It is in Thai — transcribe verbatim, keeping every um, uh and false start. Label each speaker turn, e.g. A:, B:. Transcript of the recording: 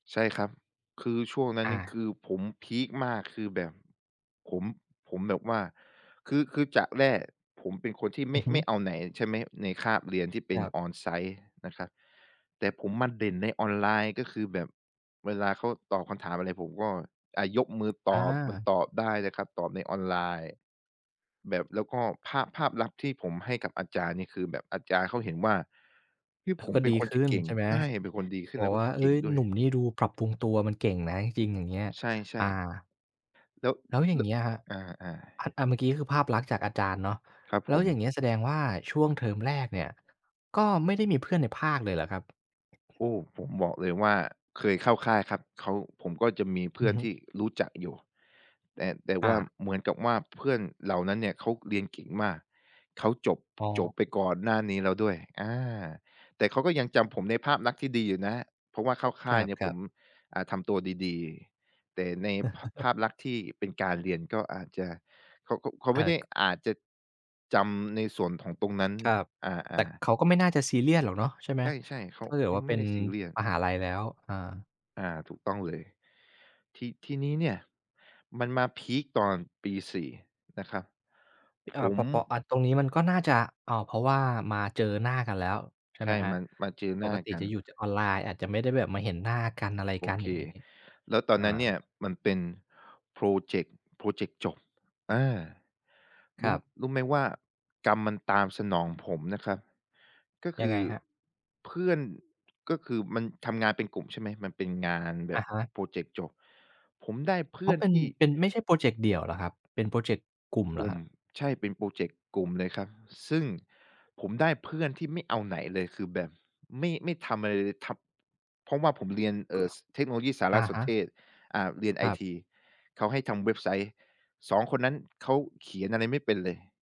A: ใช่ครับ คือช่วงนั้น
B: อ
A: นี่ค
B: า
A: ือผมพีกมาก คือแบบผม ผมแบบว่า คือ คือจากแรกผมเป็นคนที่ไม
B: อือ
A: ่
B: ฮ
A: ไ
B: ึ
A: ม่เอาไหนใช่ไหม ในคาบเรียนที่เป
B: ค
A: ็
B: ร
A: น
B: ับ
A: On-site นะครับ แต่ผมมาเด่นในออนไลน์ ก็คือแบบ เวลาเขาตอบคำถามอะไร ผมก็ อา ยกมือต
B: อ
A: อบ มัน
B: า
A: ตอบได้นะครับ ตอบในออนไลน์ แบบ แล้วก็ภาพ ภาพลักษณ์ที่ผมให้กับอาจารย์นี่คือแบบอาจารย์เขาเห็นว่า เฮ่ย ที่
B: อ
A: ผ
B: ก
A: ม
B: ็
A: เป
B: ด
A: ็
B: ี
A: นคน
B: ข
A: ที
B: ึ
A: ่
B: ้น
A: เก่ง
B: ใช่ไหม
A: ใช่ เป็นคนดีขึ้
B: บ
A: น แ
B: อ
A: ล
B: ก
A: ้วก
B: ว
A: ็
B: ่า "เฮ
A: เก
B: ้
A: ่ง
B: ย
A: ด้
B: ห
A: ว
B: นุ
A: ย
B: ่มนี่ดูปรับปรุงตัว มันเก่งนะ จริง ๆ" อย่างเงี้ย
A: ใช่
B: อา
A: ๆ แล้ว
B: แล้วอย่
A: แ
B: า
A: ล้
B: งเ
A: ว
B: งี้ยครับ
A: อา
B: อ
A: ๆ
B: อา เมื่อกี้คือภาพลักษณ์จากอาจารย์เนาะ
A: ครับ
B: แล
A: ผ
B: ้ว
A: ม
B: อย่างงี้แสดงว่าช่วงเทอมแรกเนี่ย ก็ไม่ได้มีเพื่อนในภาคเลยเหรอครับ?
A: โอ้ ผมบอกเลยว่าเคยเข้าค่ายครับ เขา ผมก็จะมีเพื
B: อ
A: ่
B: ื
A: อ
B: อ
A: น
B: ฮึ
A: ที่รู้จักอยู่ แต่ แต่ว
B: อ
A: ่า
B: า
A: เหมือนกับว่าเพื่อนเหล่านั้นเนี่ยเขาเรียนเก่งมาก เขาจบ
B: อ๋
A: จบ
B: อ
A: ไปก่อนหน้านี้แล้วด้วย อา แต่เขาก็ยังจำผมในภาพลักษณ์ที่ดีอยู่นะ เพราะว่าเข้าค
B: ค
A: ่า
B: ร
A: ยเนี่ยผ
B: ับ
A: ม
B: ๆ
A: อา ทำตัวดี ๆ แต่ใน ภ ภาพลักษณ์ที่เป็นการเรียนก็อาจจะ เขา เขา
B: เอ
A: ไม่
B: อ
A: ได้
B: ก
A: อาจจะจำในส่วนของตรงนั้น
B: ครับ
A: อ
B: แต่
A: า ๆ
B: เขาก็ไม่น่าจะซีเรียสหรอกเนาะ ใช่ไหม?
A: ใช่ ๆ เข
B: ถ
A: า
B: ้าเก
A: เ
B: ิ
A: ข
B: ด
A: า
B: ว่า
A: ไ
B: เ
A: ม
B: ป็
A: ่ไ
B: น
A: ด้ซีเรียส
B: มหาลัยแล้ว อา
A: อา ถูกต้องเลย ที ทีนี้เนี่ยมันมาพีกตอนปี สี่ นะครับ ผ
B: อา ป
A: ม
B: เปาะ อา ตรงนี้มันก็น่าจะ อ๋อ เพราะว่ามาเจอหน้ากันแล้ว ใช่
A: ใช
B: ไหม
A: ่
B: ครั
A: ม
B: บ
A: า มาเจอ
B: ป
A: หน้า
B: กติ
A: กั
B: จ
A: น
B: ะอยู่จากออนไลน์ อาจจะไม่ได้แบบมาเห็นหน้ากัน อะไร
A: โอ
B: กัน
A: เ
B: อ
A: ค
B: ย่างงี้
A: แล้วตอน
B: อ
A: นั้นเนี่ย
B: า
A: มันเป็นพรอเจกต์ พรอเจกต์จบ อา
B: ค
A: ร
B: ร
A: ู้
B: ับ
A: รู้ไหมว่ากรรมมันตามสนองผมนะครับ ก็ค
B: ยัง
A: ื
B: ไง
A: อ
B: ครับ?
A: เพื่อน ก็คือมันทำงานเป็นกลุ่มใช่ไหม มันเป็นงานแบ
B: อะ
A: บ
B: ฮะ
A: พรอเจกต์จบ ผมได้เพ
B: อ
A: ื
B: ๋
A: ่
B: อ
A: อน
B: เป็น
A: ที่
B: เป็น ไม่ใช่พรอเจกต์เดี่ยวเหรอครับ เป็นพรอเจกต์กลุ่มเห
A: ก
B: ร
A: ล
B: อ
A: ุ
B: ค
A: ่ม
B: รับ?
A: ใช่ เป็นพรอเจกต์กลุ่มเลยครับ ซึ่งผมได้เพื่อนที่ไม่เอาไหนเลย คือแบบ ไม่ ไม่ทำอะไรเลย ทำ เพราะว่าผมเรียน เอ
B: ก
A: ่
B: ็
A: อ ส เทคโนโลยีสาร
B: อะ
A: ส
B: ฮ
A: น
B: ะ
A: เทศ อา เรียนไอ
B: ครับ
A: ที เขาให้ทำเว็บไซต์ สอง คนนั้น เขาเขียนอะไรไม่เป็นเลย